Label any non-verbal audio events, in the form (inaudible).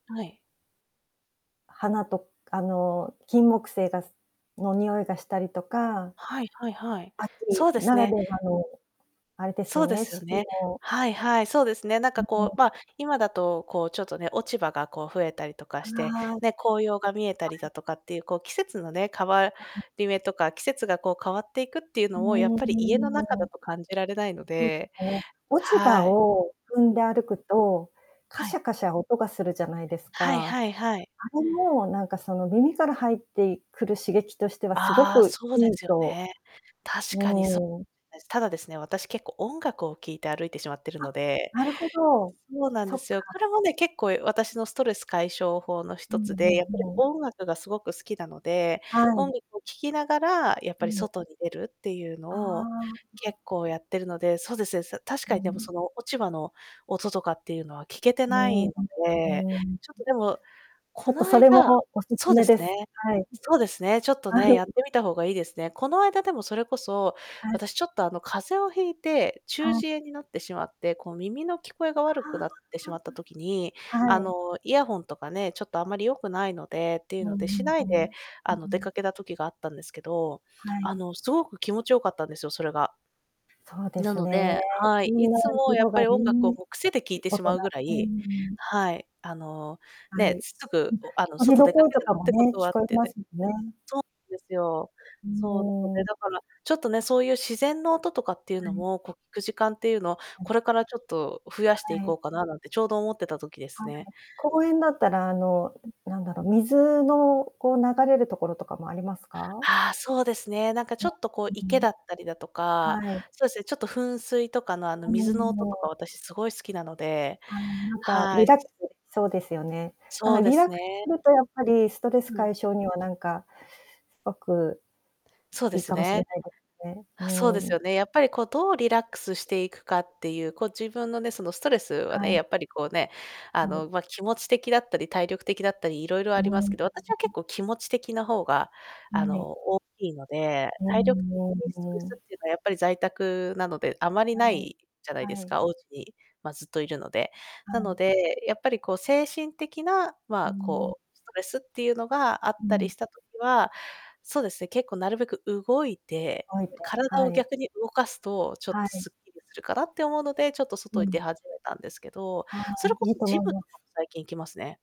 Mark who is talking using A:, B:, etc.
A: はい。
B: 花とあの金木犀がすの匂いがしたりとか。
A: はいはいはい。
B: 秋
A: そうで
B: な
A: す
B: ら
A: ね。
B: ではのあれです
A: そ
B: よ
A: うで
B: ね、
A: すよ
B: 四季
A: ね。
B: の。
A: はいはい、そうですね。なんかこう、
B: (unintelligible)
A: まあ今だと、こうちょっとね、落ち葉がこう増えたりとかして、
B: ああ。
A: ね、紅葉が見えた
B: は
A: りだ
B: い。
A: とかっていう、こう季節のね、変わ
B: うん。
A: り目とか、季節がこう変わっていくっていうのを、やっ
B: お
A: ぱり家の中だ
B: お。
A: と感じられないの
B: そうで
A: で。
B: すね、落ち葉
A: はい。
B: を踏
A: う
B: んで
A: ん。
B: 歩くと、カ
A: は
B: シャ
A: い。
B: カシャ音がするじゃないです
A: はい
B: か。
A: はいはい。
B: あれもなんかその耳から入っていくる刺激としてはすご
A: ああ、
B: く
A: そうで
B: いい
A: すよ
B: と
A: ね。
B: う
A: 確かにそ
B: ーん。
A: (unintelligible) です。ただですね、私結構音楽を聴いて歩いてしまっている
B: あ、
A: ので。
B: なるほど、
A: そうなんで
B: そっ
A: すよ。こ
B: か。
A: れもね、結構私のストレス解消法のひ
B: う
A: と
B: ん
A: つで、
B: う
A: やっぱり
B: んうん。
A: 音楽がすごく好きなので、
B: は
A: 音
B: い。
A: 楽を聴きながらやっ
B: う
A: ぱり
B: ん。
A: 外に出るっていうの
B: あ
A: を、
B: あ。うん。
A: 結構やってるので、そうですね、確
B: う
A: かにでも
B: ん。
A: その落ち葉の音とかっていうのは聴けて
B: うー
A: ない
B: ん
A: ので、
B: うーん。
A: ちょっとでも、
B: ちょ
A: こ
B: っと
A: の
B: それも
A: 間
B: お勧
A: そうで
B: め
A: す
B: で
A: ね。
B: す。はい。
A: そうですね、ちょっと
B: は
A: ね、やっ
B: い。
A: てみたほうがいいですね。この間でもそれこそ、
B: はい。
A: 私ちょっとあの風邪を引いて、中
B: はい。
A: 耳炎になってしまって、こう耳の聞こえが悪くなっ
B: あ
A: てしまった時に、
B: あ。は
A: あ
B: い。
A: のイヤホンとかね、ちょっとあまり良くないのでってい
B: う
A: うので、し
B: ん
A: な
B: う
A: い
B: ん、はい。
A: で、
B: う
A: あの出
B: ん。
A: かけた時があったんですけど、
B: はい。
A: あのすごく気持ち良かったんですよ、それが。
B: そうで
A: な
B: す
A: の
B: ね。
A: で、は
B: み
A: い、い
B: んな、
A: つもやっ
B: 色
A: ぱ
B: が
A: り音楽を
B: ね。
A: こう癖で聞いてし
B: 音
A: まうぐ
B: が。
A: ら
B: うー
A: い
B: ん。
A: はい、あの、
B: は
A: ねえ、
B: い。
A: す
B: う
A: ぐ
B: ん、
A: あの
B: 鳥
A: 外
B: の
A: 出か
B: 声
A: け
B: と
A: る
B: か
A: っ
B: も
A: てこ
B: ね、
A: と
B: 聞
A: はあっ
B: こえ
A: て
B: ま
A: で
B: すよね。
A: そうなんですよ。
B: ん
A: そう、なの
B: も
A: で、
B: う。
A: だから、ちょっとね、そういう自然の音とかっていう
B: は
A: の
B: い。
A: も、こう聞く時間っていうのを、
B: うん。
A: これからちょっと増やしてい
B: は
A: こ
B: い。
A: うかななんてちょうど思ってた時です
B: はい、
A: ね。
B: 公園だったらあの
A: うん。
B: なんだろう、水のこう流れるところとかもありますか？
A: ああ、そうですね。なんかちょ
B: ね、
A: っとこう
B: う
A: 池
B: ん。
A: だったりだとか、
B: はい。
A: そうですね、ちょっと噴水とかのあの水の音とか
B: (unintelligible)
A: 私すごい好きなので、
B: ああ、なんか
A: は
B: リ
A: い。
B: ラックスできそうですよね。あ、
A: そうで
B: リラッ
A: す
B: クス
A: ね。
B: するとやっぱりストレス
A: うん。
B: 解消にはなんかすごく
A: そうで
B: いい
A: す
B: かもしれ
A: ね。
B: ないですね。う
A: そうです
B: ん。
A: よね、やっぱりこうどうリラックスしていくかっていう、こう自分のね、そのストレスは
B: は
A: ね、や
B: い。
A: っぱりこうね、あ
B: はい。
A: のまあ気持ち的だったり、体力的だったりいろいろ
B: う
A: あります
B: ん。
A: けど、私は結
B: (unintelligible)
A: 構気持ち的なほうがあ
B: ん、ねい。
A: の大きいので、
B: う
A: 体力
B: んう
A: 的ストレス
B: んうん。
A: っていうのはやっぱり在宅なので、あまりな
B: はい、
A: いじゃないで
B: は
A: す
B: い。
A: か、おうちに、まあ、ずっといるので。
B: は
A: なの
B: い。
A: で、やっぱりこう精神的な、ま
B: うー
A: あ
B: ん。
A: こうストレスっていうのがあっ
B: う
A: たり
B: ん。
A: した時は、そうですね、結構なるべく動いて、
B: おいて、
A: 体
B: は
A: を
B: い。
A: 逆に動かすと、ちょっ
B: は
A: と
B: い。
A: すっきりするかなって思うので、ちょっと外
B: う
A: に出
B: ん。
A: 始めたんですけど、
B: ああ、
A: それこ
B: いい
A: そ
B: と
A: ジ
B: 思い
A: ムと
B: ます。
A: かも最近行きますね。